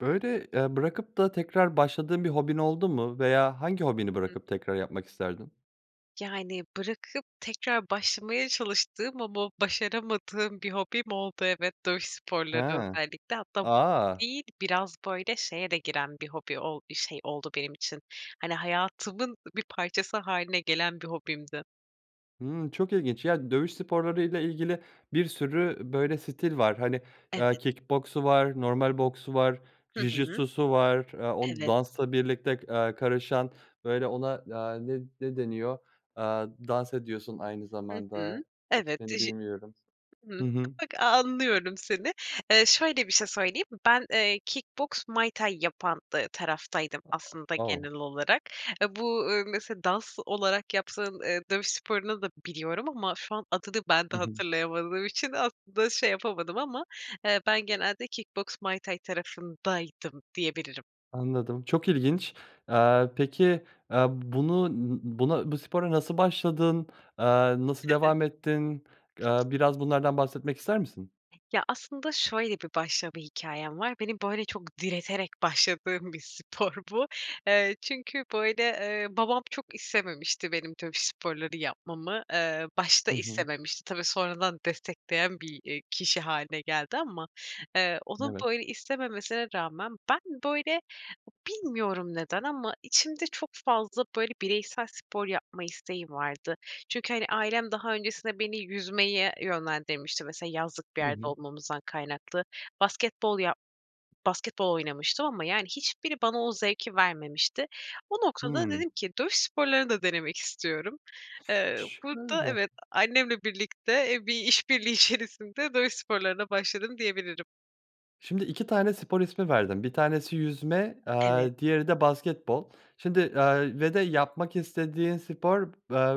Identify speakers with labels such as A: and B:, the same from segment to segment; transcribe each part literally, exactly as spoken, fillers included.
A: Böyle, eee, bırakıp da tekrar başladığın bir hobin oldu mu veya hangi hobini
B: Hıh.
A: bırakıp tekrar yapmak isterdin?
B: Yani, bırakıp tekrar başlamaya çalıştığım ama başaramadığım bir hobim oldu evet. Dövüş sporları
A: Ha.
B: özellikle. Hatta hobi
A: A!
B: değil. Biraz, böyle, şeye de giren bir hobi ol bir şey oldu benim için. Hani, hayatımın bir parçası hâline gelen bir hobimdi.
A: Hımm, çok ilginç, ya, dövüş sporları ile ilgili bir sürü, böyle, stil var. Hani, eee,
B: Evet.
A: kick boksu var, normal boksu var,
B: Hı hı.
A: Jiu-Jitsu'su var, eee, o
B: Evet.
A: dansla birlikte, eee, karışan, böyle, ona, eee, ne ne deniyor, eee, dans ediyorsun aynı
B: Hı hı.
A: zamanda
B: Evet,
A: ismini
B: diji
A: bilmiyorum.
B: Hı hı.
A: Hı hı.
B: [unintelligible] a anlıyorum seni. Eee, şöyle bir şey söyleyeyim. Ben, eee, kickboks, Muay Thai yapan, dı taraftaydım aslında
A: O.
B: genel olarak. Bu, eee, mesela, dans olarak yaptığın, eee, dövüş sporunu da biliyorum ama şu an adını ben de
A: Hı hı.
B: hatırlayamadığım için aslında şey yapamadım ama, eee, ben genelde kickboks, Muay Thai tarafındaydım diyebilirim.
A: Anladım, çok ilginç. Aaa, peki, eee, bunu n n buna bu spora nasıl başladın? Eee, nasıl devam ettin? Eee, biraz bunlardan bahsetmek ister misin?
B: Ya, aslında şöyle bir başlama hikâyem var. Beni, böyle, çok direterek başladığım bir spor bu. Eee, çünkü, böyle, eee, babam çok istememişti benim tabii sporları yapmamı, eee, başta
A: Hı hı.
B: istememişti. Tabii, sonradan destekleyen bir, eee, kişi hâline geldi ama, eee, onun
A: Evet.
B: böyle istememesine rağmen ben, böyle, bilmiyorum neden ama içimde çok fazla, böyle, bireysel spor yapma isteği vardı. Çünkü, hani, ailem daha öncesinde beni yüzmeye yönlendirmişti. Mesela, yazlık bir
A: Hı
B: yerde
A: hı.
B: olmamızdan kaynaklı. Basketbol yap basketbol oynamıştım ama, yani, hiçbiri bana o zevki vermemişti. O noktada
A: Hıı.
B: dedim ki dövüş sporları da denemek istiyorum. Eee, burada
A: Şöyle
B: evet, annemle birlikte, e, bir işbirliği içerisinde dövüş sporlarına başladım diyebilirim.
A: Şimdi iki tane spor ismi verdin. bir tanesi yüzme,
B: Evet.
A: eee, diğeri de basketbol. Şimdi, eee, ve de yapmak istediğin spor, b eee,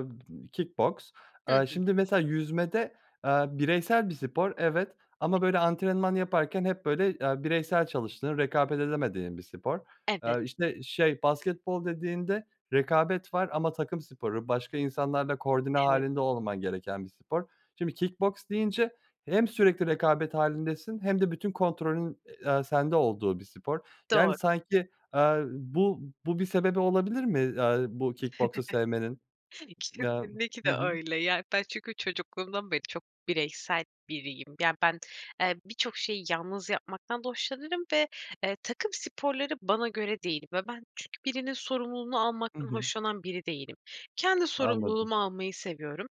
A: kick boks.
B: Hı
A: Eee,
B: hı.
A: şimdi mesela yüzmede, eee, bireysel bir spor evet, ama böyle antrenman yaparken hep, böyle, eee, bireysel çalıştığın rekabet edemediğin bir spor. Eee,
B: Evet.
A: işte şey basketbol dediğinde rekabet var ama takım sporu, başka insanlarla koordine
B: Evet.
A: hâlinde olman gereken bir spor. Şimdi kick boks deyince hem sürekli rekabet hâlindesin hem de bütün kontrolün, eee, sende olduğu bir spor. Yani,
B: Doğru.
A: sanki, eee, bu bu bir sebebi olabilir mi, eee, bu kick boksu sevmenin? Eee, hı
B: Kesinlikle
A: hı.
B: öyle, ya. Ben çünkü çocukluğumdan beri çok bireysel biriyim. Ya, ben, eee, birçok şeyi yalnız yapmaktan da hoşlanırım ve, eee, takım sporları bana göre değil ve ben çünkü birinin sorumluluğunu
A: Hı
B: almaktan
A: hı.
B: hoşlanan biri değilim. Kendi
A: Anladım.
B: sorumluluğumu almayı seviyorum.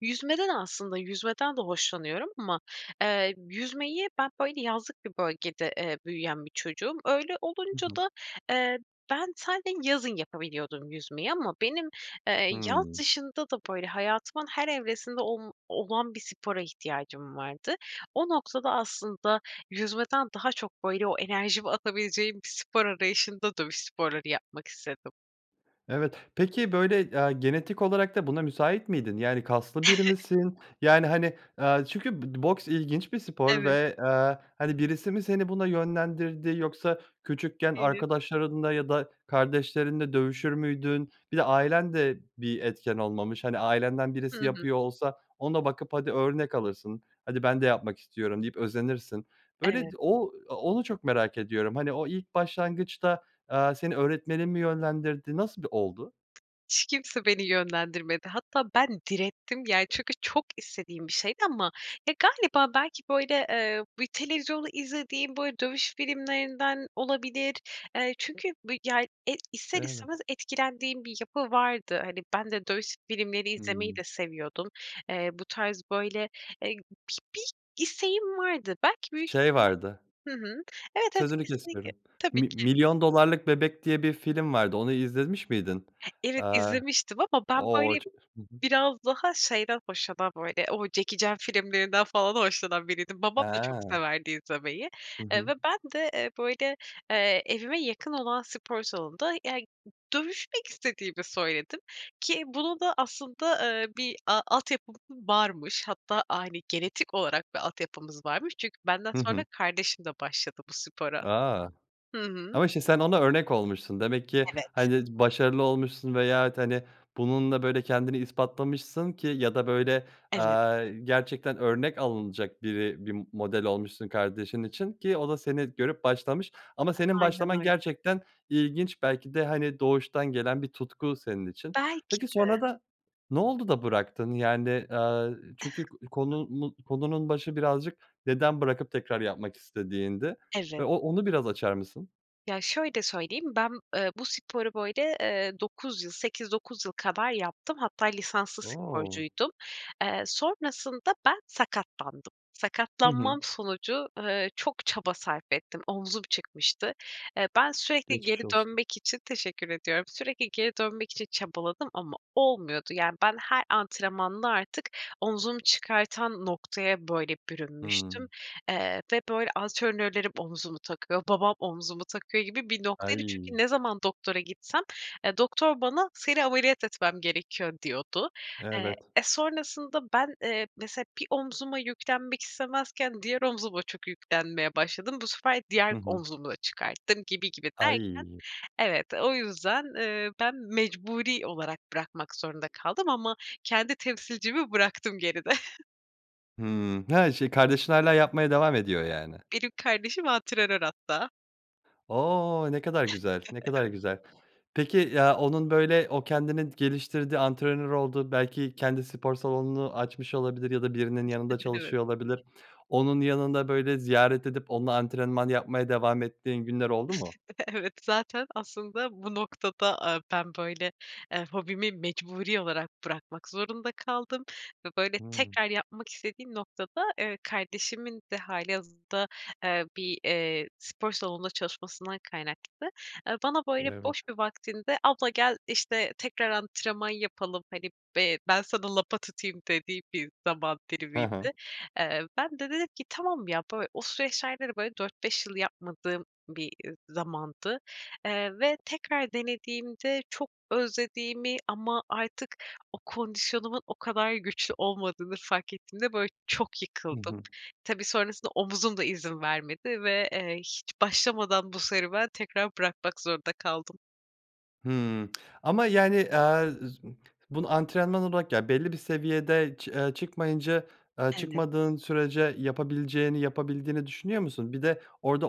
B: Yüzmede de aslında yüzmeden de hoşlanıyorum ama, eee, yüzmeyi ben, böyle, yazlık bir bölgede, eee, büyüyen bir çocuğum. Öyle
A: Hı
B: olunca
A: hı.
B: da, eee, ben sade yazın yapabiliyordum yüzmeyi ama benim, eee, yaz
A: Hıı.
B: dışında da, böyle, hayatımın her evresinde olm olan bir spora ihtiyacım vardı. O noktada aslında yüzmeden daha çok, böyle, o enerjimi atabileceğim bir spor arayışında dövüş sporları yapmak istedim.
A: Evet, peki böyle, eee, genetik olarak da buna müsait miydin? Yani, kaslı biri misin? Yani, hani, eee, çünkü bo boks ilginç bir spor
B: Evet.
A: ve, eee, hani, birisi mi seni buna yönlendirdi, yoksa küçükken
B: [unintelligible]
A: arkadaşlarınla ya da kardeşlerinle dövüşür müydün? Bir de ailen de bir etken olmamış. Hani, ailenden
B: Hı
A: birisi
B: hı.
A: yapıyor olsa ona bakıp hadi örnek alırsın. Hadi ben de yapmak istiyorum deyip özenirsin. Böyle
B: Evet.
A: d o onu çok merak ediyorum. Hani o ilk başlangıçta, eee, seni öğretmenin mi yönlendirdi, nasıl b oldu?
B: Hiç kimse beni yönlendirmedi. Hatta ben direttim ya, çünkü çok istediğim bir şeydi ama, ya, galiba belki, böyle, eee, bir televizyonu izlediğim, böyle, dövüş filmlerinden olabilir. Eee, çünkü bi ya e, ister
A: Evet.
B: istemez etkilendiğim bir yapı vardı. Hani, ben de dövüş s filmleri izlemeyi
A: Hıı.
B: de seviyordum. Eee, bu tarz, böyle, eee, bi bir isteğim vardı. Belki büyük
A: Şey
B: ihtimal
A: vardı
B: Hı hı. Evet, evet,
A: Sözünü
B: kesinlikle.
A: kesiyorum.
B: Tabii
A: Mi
B: ki.
A: Milyon Dolarlık Bebek diye bir film vardı. Onu izlemiş miydin?
B: Evet,
A: Eee,
B: izlemiştim ama ben,
A: o
B: böyle,
A: ço Hı hı.
B: biraz daha şeyden hoşlanan, böyle, o Jackie Chan filmlerinden falan hoşlanan biriydim. Babam da çok
A: He.
B: severdi izlemeyi,
A: Hı
B: eee,
A: hı.
B: ve ben de, eee, böyle, eee, evime yakın olan spor salonunda, eee, ııı, dövüşmek istediğimi söyledim ki bunu da aslında, eee, bir a altyapım varmış. Hatta aile genetik olarak bir altyapımız varmış. Çünkü benden
A: Hı
B: sonra
A: hı.
B: kardeşim de başladı bu spora.
A: A!
B: Hı hı.
A: Ama şimdi sen ona örnek olmuşsun. Demek ki,
B: Evet.
A: hani, başarılı olmuşsun veyahut, hani, bununla, böyle, kendini ispatlamışsın ki ya da böyle,
B: Evet.
A: eee, gerçekten örnek alınacak biri bir model olmuşsun kardeşin için ki o da seni görüp başlamış. Ama senin
B: Aynen
A: başlaman
B: öyle.
A: gerçekten ilginç belki de, hani, doğuştan gelen bir tutku senin için.
B: Belki
A: Peki,
B: de.
A: sonrada ne oldu da bıraktın? Yani, eee, çünkü k konunu konunun başı birazcık neden bırakıp tekrar yapmak istediğindi ve
B: Evet.
A: o onu biraz açar mısın?
B: Ya, şöyle söyleyeyim. Ben, eee, bu sporu, böyle, eee, dokuz yıl, sekiz dokuz yıl kadar yaptım. Hatta lisanslı
A: O!
B: sporcuydum. Eee, sonrasında ben sakatlandım.
A: Hı hı.
B: Sakatlanmam sonucu, eee, çok çaba sarf ettim. Omzum çıkmıştı. Eee, ben sürekli geri
A: Geçmiş olsun.
B: dönmek için Teşekkür ediyorum. Sürekli geri dönmek için çabaladım ama olmuyordu. Yani, ben her antrenmanla artık omzumu çıkartan noktaya, böyle, bürünmüştüm,
A: Hıı.
B: eee, ve, böyle, antrenörlerim omzumu takıyor, babam omzumu takıyor gibi bir noktaydı.
A: Ay.
B: Çünkü ne zaman doktora gitsem, eee, doktor bana, ”Seni ameliyat etmem gerekiyor.” diyordu. Eee,
A: Evet.
B: e, sonrasında ben, eee, mesela bir omzuma yüklenmek istemezken diğer omzuma çok yüklenmeye başladım. Bu sefer
A: Hı
B: diğer
A: hı.
B: omzumu da çıkarttım, gibi gibi derken
A: Ay.
B: evet, o yüzden, eee, ben mecburi olarak bırakmak zorunda kaldım ama kendi temsilcimi bıraktım geride.
A: Hımm, ha, şey, kardeşin hâlâ yapmaya devam ediyor, yani.
B: Benim kardeşim antrenör, hatta.
A: O! Ne kadar güzel, ne kadar
B: Evet.
A: güzel. Peki, ya, onun, böyle, o kendini geliştirdi, antrenör oldu, belki kendi spor salonunu açmış olabilir ya da birinin yanında
B: Evet.
A: çalışıyor olabilir. Onun yanında, böyle, ziyaret edip onunla antrenman yapmaya devam ettiğin günler oldu mu?
B: Evet, zaten aslında bu noktada, aaa, ben, böyle, eee, hobimi mecburi olarak bırakmak zorunda kaldım ve, böyle,
A: Hı.
B: tekrar yapmak istediğim noktada, eee, kardeşimin de hâlihazırda, eee, bir, eee, spor salonunda çalışmasından kaynaklı. Eee, bana, böyle,
A: Evet.
B: boş bir vaktinde, abla gel, işte, tekrar antrenman yapalım, hani, be ben sana lapa tutayım dediği bir zaman
A: Hı hı.
B: dilimiydi, eee. Ben de dedim ki, tamam, ya, böyle, o süreçlerde de, böyle, dört beş yıl yapmadığım bir, iii, zamandı, eee, ve tekrar denediğimde çok özlediğimi ama artık o kondisyonumun o kadar güçlü olmadığını fark ettiğimde, böyle, çok
A: Hı
B: yıkıldım.
A: hı.
B: Tabii, sonrasında omzum da izin vermedi ve, eee, hiç başlamadan bu serüven tekrar bırakmak zorunda kaldım.
A: Hımm. Ama, yani, aaa, [unintelligible] bunu antrenman olarak Ya, belli bir seviyede ç eee, çıkmayınca aaa,
B: Evet.
A: çıkmadığın sürece yapabileceğini, yapabildiğini düşünüyor musun? Bir de orada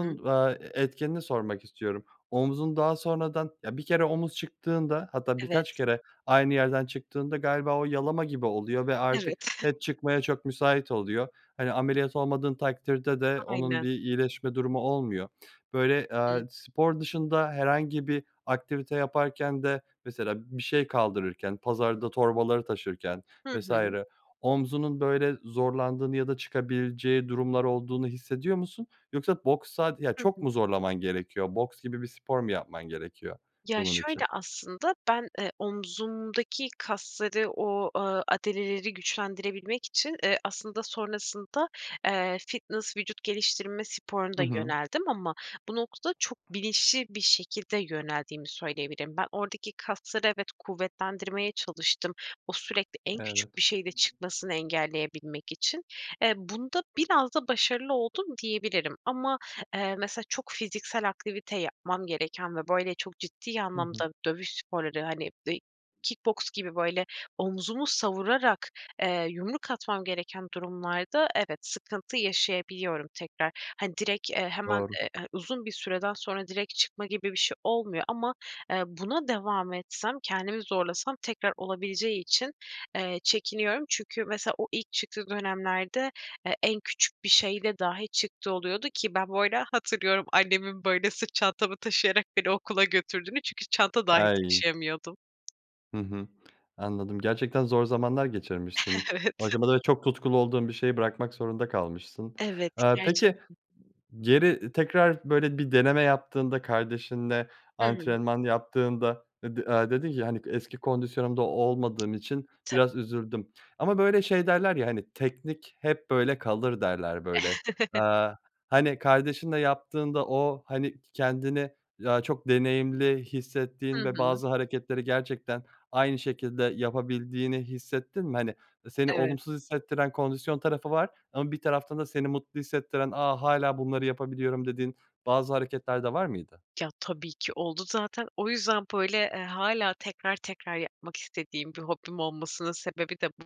B: Hıı.
A: va e etkenini sormak istiyorum. Omzun daha sonradan Ya, bir kere omuz çıktığında hatta
B: Evet.
A: birkaç kere aynı yerden çıktığında galiba o yalama gibi oluyor ve artık
B: Evet.
A: hep çıkmaya çok müsait oluyor. Hani, ameliyat olmadığın takdirde de onun
B: Aynen.
A: bir iyileşme durumu olmuyor. Böyle, aaa,
B: Hıı.
A: spor dışında herhangi bir aktivite yaparken de mesela bir şey kaldırırken, pazarda torbaları taşırken
B: Hı
A: vs.
B: hı.
A: omzunun, böyle, zorlandığını ya da çıkabileceği durumlar olduğunu hissediyor musun yoksa boks sad Ya
B: Hı
A: çok
B: hı.
A: mu zorlaman gerekiyor, boks gibi bir spor mu yapman gerekiyor
B: Ya,
A: bunun
B: şöyle,
A: için?
B: aslında ben, eee, omzumdaki kasları o, aaa, adaleleri güçlendirebilmek için, eee, aslında sonrasında, eee, fitness vücut geliştirme sporuna da
A: Hı hı.
B: yöneldim ama bu noktada çok bilinçli bir şekilde yöneldiğimi söyleyebilirim. Ben oradaki kasları evet, kuvvetlendirmeye çalıştım. O sürekli en küçük
A: Evet.
B: bir şeyde çıkmasını engelleyebilmek için. Eee, bunda biraz da başarılı oldum diyebilirim. Ama, eee, mesela çok fiziksel aktivite yapmam gereken ve, böyle, çok ciddi
A: Hı hı.
B: anlamda dövüş sporları, hani, dey kick boks gibi böyle omuzumu savurarak, eee, yumruk atmam gereken durumlarda evet, sıkıntı yaşayabiliyorum tekrar. Hani, direkt, eee, hemen,
A: Doğru.
B: eee, a uzun bir süreden sonra direkt çıkma gibi bir şey olmuyor ama, eee, buna devam etsem, kendimi zorlasam tekrar olabileceği için, eee, çekiniyorum. Çünkü mesela o ilk çıktığı dönemlerde, eee, en küçük bir şeyle dahi çıktığı oluyordu ki ben bu arada hatırlıyorum, annemin, böyle, sırt çantamı taşıyarak beni okula götürdüğünü çünkü çanta dahi
A: Ay!
B: taşıyamıyordum.
A: Hı hı, anladım, gerçekten zor zamanlar geçirmişsin. Bu
B: Evet.
A: aşamada çok tutkulu olduğun bir şeyi bırakmak zorunda kalmışsın.
B: Evet,
A: Aaa, peki
B: gerçekten.
A: geri tekrar, böyle, bir deneme yaptığında, kardeşinle
B: Hı hı.
A: antrenman yaptığında e d aaa, dedin ki, hani, "Eski kondisyonumda olmadığım için
B: Ta
A: biraz üzüldüm." Ama, böyle, şey derler ya, hani, "Teknik hep, böyle, kalır." derler, böyle. Aaa, hani, kardeşinle yaptığında o, hani, k kendini ya, çok deneyimli
B: Hı
A: hissettiğin ve
B: hı.
A: bazı hareketleri gerçekten aynı şekilde yapabildiğini hissettin mi? Hani, seni
B: Evet.
A: olumsuz hissettiren kondisyon tarafı var ama bir taraftan da seni mutlu hissettiren, "A, hâlâ bunları yapabiliyorum." dediğin bazı hareketler de var mıydı?
B: Ya, tabii ki oldu zaten. O yüzden, böyle, eee, hâlâ tekrar tekrar yapmak istediğim bir hobim olmasının sebebi de bu.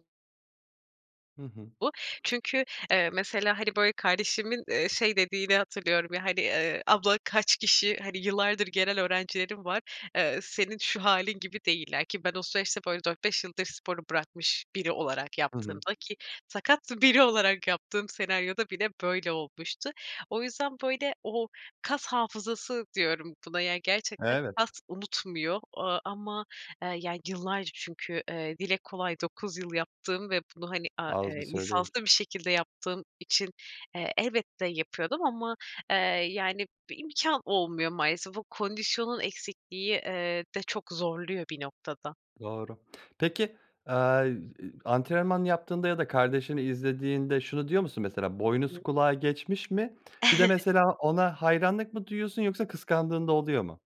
A: Hı hı.
B: Bu. Çünkü, eee, mesela, hani, böyle, kardeşimin, eee, şey dediğini hatırlıyorum, ya, hani, eee, "Abla, kaç kişi, hani, yıllardır gelen öğrencilerim var, eee, senin şu hâlin gibi değiller." ki ben o süreçte, böyle, dört beş yıldır sporu bırakmış biri olarak
A: Hı hı.
B: yaptığımda ki sakat biri olarak yaptığım senaryoda bile böyle olmuştu O yüzden, böyle, o "kas hafızası" diyorum buna, yani, gerçekten
A: Evet.
B: kas unutmuyor o aaa, ama, eee, yani, yıllarca çünkü, eee, dile kolay dokuz yıl yaptığım ve bunu, hani, a
A: Az
B: eee,
A: bir süre değil.
B: lisanslı bir şekilde yaptığım için, eee, elbette yapıyordum ama, eee, yani, bir imkân olmuyor maalesef. O kondisyonun eksikliği, eee, de çok zorluyor bir noktada.
A: Doğru. Peki, aaa, iii, antrenman yaptığında ya da kardeşini izlediğinde şunu diyor musun mesela,
B: Hı hı.
A: "Boynuz kulağı geçmiş." mi? Bir de mesela ona hayranlık mı duyuyorsun yoksa kıskandığın da oluyor mu?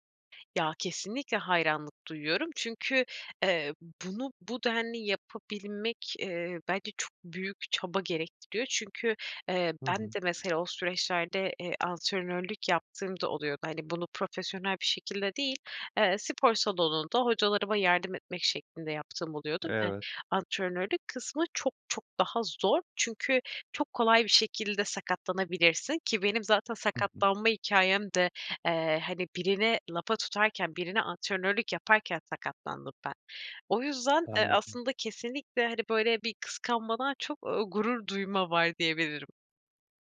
B: Ya kesinlikle hayranlık duyuyorum. Çünkü, eee, bunu bu denli yapabilmek, eee, bence çok büyük çaba gerektiriyor. Çünkü, eee,
A: Hı
B: ben
A: hı.
B: de mesela o süreçlerde, eee, antrenörlük yaptığım da oluyordu. Hani, bunu profesyonel bir şekilde değil, eee, spor salonunda hocalarıma yardım etmek şeklinde yaptığım oluyordu ve
A: Evet.
B: antrenörlük kısmı çok çok daha zor. Çünkü çok kolay bir şekilde sakatlanabilirsin ki benim zaten
A: Hı hı.
B: sakatlanma hikâyem de, eee, hani, birini lafa tutarken, birine antrenörlük yaparken sakatlandım ben. O yüzden, eee,
A: Anladım.
B: aslında kesinlikle, hani, böyle, bir kıskanmadan çok, ooo, gurur duyma var diyebilirim.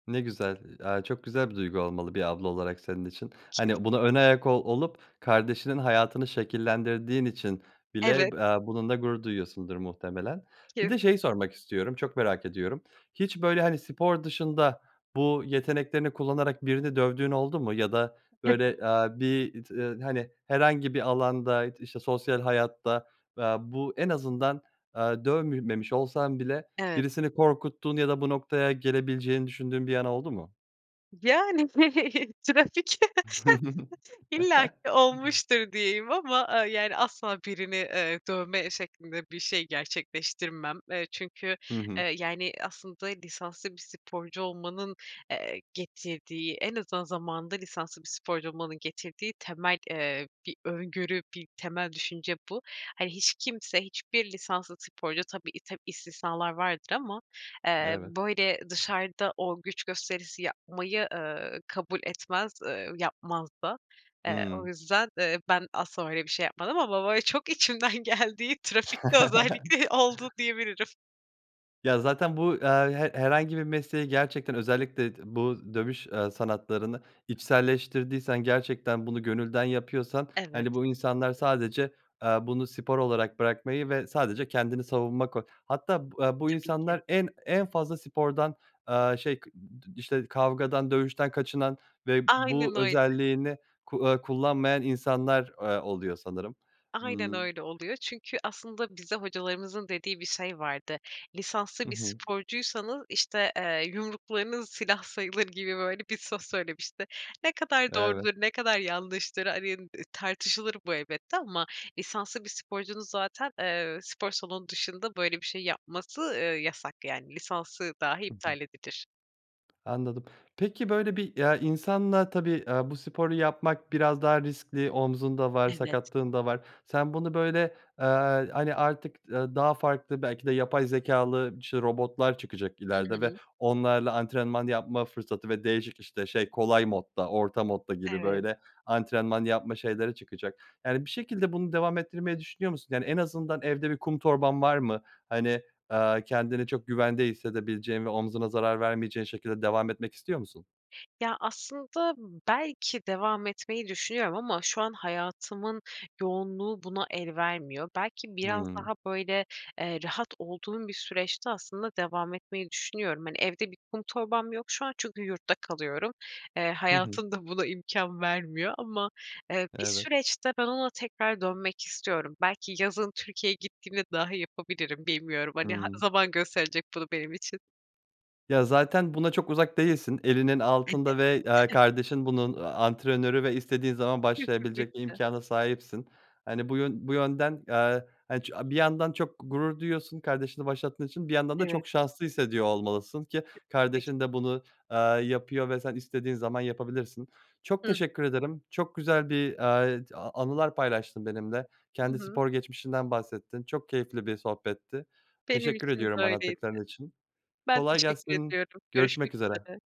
A: Ne güzel. Aaa, çok güzel bir duygu olmalı bir abla olarak senin için. Hani,
B: Kesinlikle.
A: buna önayak ol olup kardeşinin hayatını şekillendirdiğin için bile
B: Evet.
A: b aaa, bununla gurur duyuyorsundur muhtemelen. Bir de
B: Kesin.
A: şeyi sormak istiyorum. Çok merak ediyorum. Hiç, böyle, hani, spor dışında bu yeteneklerini kullanarak birini dövdüğün oldu mu? Ya da,
B: [unintelligible]
A: böyle, aaa, bir t ııı hani, herhangi bir alanda, işte, sosyal hayatta, aaa, bu en azından, aaa, dövmemiş olsan bile
B: Evet.
A: birisini korkuttuğun ya da bu noktaya gelebileceğini düşündüğün bir an oldu mu?
B: Yani, trafik. İllaki olmuştur diyeyim ama, aaa, yani, asla birini, eee, dövme şeklinde bir şey gerçekleştirmem. Eee, çünkü,
A: Hı hı.
B: eee, yani, aslında lisanslı bir sporcu olmanın, eee, getirdiği en azından zamanında lisanslı bir sporcu olmanın getirdiği temel, eee, bir öngörü, bir temel düşünce bu. Hani, hiç kimse, hiçbir lisanslı sporcu tabii i ta istisnalar vardır ama, eee,
A: Evet.
B: böyle, dışarıda o güç gösterisi yapmayı, eee, kabul etmez, eee, yapmaz da. Eee, o
A: Hımm.
B: yüzden, eee, ben asla öyle bir şey yapmadım ama bo böyle çok içimden geldiği, trafikte özellikle oldu diyebilirim.
A: Ya zaten bu, eee, he herhangi bir mesleği gerçekten özellikle d bu dövüş, eee, sanatlarını içselleştirdiysen gerçekten bunu gönülden yapıyorsan,
B: Evet.
A: hani, bu insanlar sadece, eee, bunu spor olarak bırakmayı ve sadece kendini savunma koy Hatta b eee, bu
B: Tabii ki.
A: insanlar en en fazla spordan, eee, şey [unintelligible] işte, kavgadan, dövüşten kaçınan ve bu
B: Aynen öyle.
A: özelliğini ku eee, kullanmayan insanlar, eee, oluyor sanırım.
B: Aynen
A: Imm
B: öyle oluyor. Çünkü aslında bize hocalarımızın dediği bir şey vardı: "Lisanslı
A: Hı
B: bir
A: hı.
B: sporcuysanız" işte, eee, "yumruklarınız silah sayılır." gibi, böyle bir söz söylemişti. Ne kadar
A: Evet.
B: doğrudur, ne kadar yanlıştır, hani, eee, tartışılır bu elbette ama lisanslı bir sporcunun zaten, eee, spor salonu dışında böyle bir şey yapması, eee, yasak. Yani lisansı dahi
A: Hı hı.
B: iptal edilir.
A: Anladım. Peki böyle bir, eee, insanla tabii, eee, bu sporu yapmak biraz daha riskli omzun da var,
B: Evet.
A: sakatlığın da var. Sen bunu böyle, eee, hani artık, eee, daha farklı belki de yapay zekâlı, işte, robotlar çıkacak
B: Hı
A: ileride ve
B: hı.
A: onlarla antrenman yapma fırsatı ve değişik işte, şey, kolay modda, orta modda gibi
B: Evet.
A: böyle antrenman yapma şeyleri çıkacak. Yani bir şekilde bunu devam ettirmeyi düşünüyor musun? Yani en azından evde bir kum torban var mı? Hani, eee, kendini çok güvende hissedebileceğin ve omzuna zarar vermeyeceğin şekilde devam etmek istiyor musun?
B: Ya aslında belki devam etmeyi düşünüyorum ama şu an hayatımın yoğunluğu buna el vermiyor. Belki biraz
A: Hımm.
B: daha böyle, eee, rahat olduğum bir süreçte aslında devam etmeyi düşünüyorum. Hani evde bir kum torbam yok şu an çünkü yurtta kalıyorum. Eee,
A: Hı hı.
B: hayatımda buna imkân vermiyor ama, eee, bir
A: Evet.
B: süreçte ben ona tekrar dönmek istiyorum. Belki yazın Türkiye'ye gittiğimde dahi yapabilirim, bilmiyorum hani ha
A: Hımm.
B: zaman gösterecek bunu benim için.
A: Ya zaten buna çok uzak değilsin, elinin
B: Evet.
A: altında ve, eee,
B: [unintelligible]
A: kardeşin bunun, eee, antrenörü ve istediğin zaman başlayabilecek
B: Kesinlikle.
A: imkâna sahipsin. Hani, bu yön bu yönden, eee, hani ç bir yandan çok gurur diyorsun kardeşini başlattığın için bir yandan da
B: Evet.
A: çok şanslı hissediyor olmalısın ki
B: [unintelligible]
A: kardeşin de bunu, eee, yapıyor ve sen istediğin zaman yapabilirsin. Çok
B: Hıı.
A: teşekkür ederim çok güzel bir, eee, a anılar paylaştın benimle
B: Hı
A: kendi
B: hı.
A: spor geçmişinden bahsettin, çok keyifli bir sohbetti.
B: Benim
A: Teşekkür
B: için de
A: ediyorum
B: öyleydi.
A: anlattıkların için.
B: Ben
A: Kolay
B: teşekkür
A: gelsin,
B: ediyorum, görüşmek
A: görüşmek üzere.
B: üzere.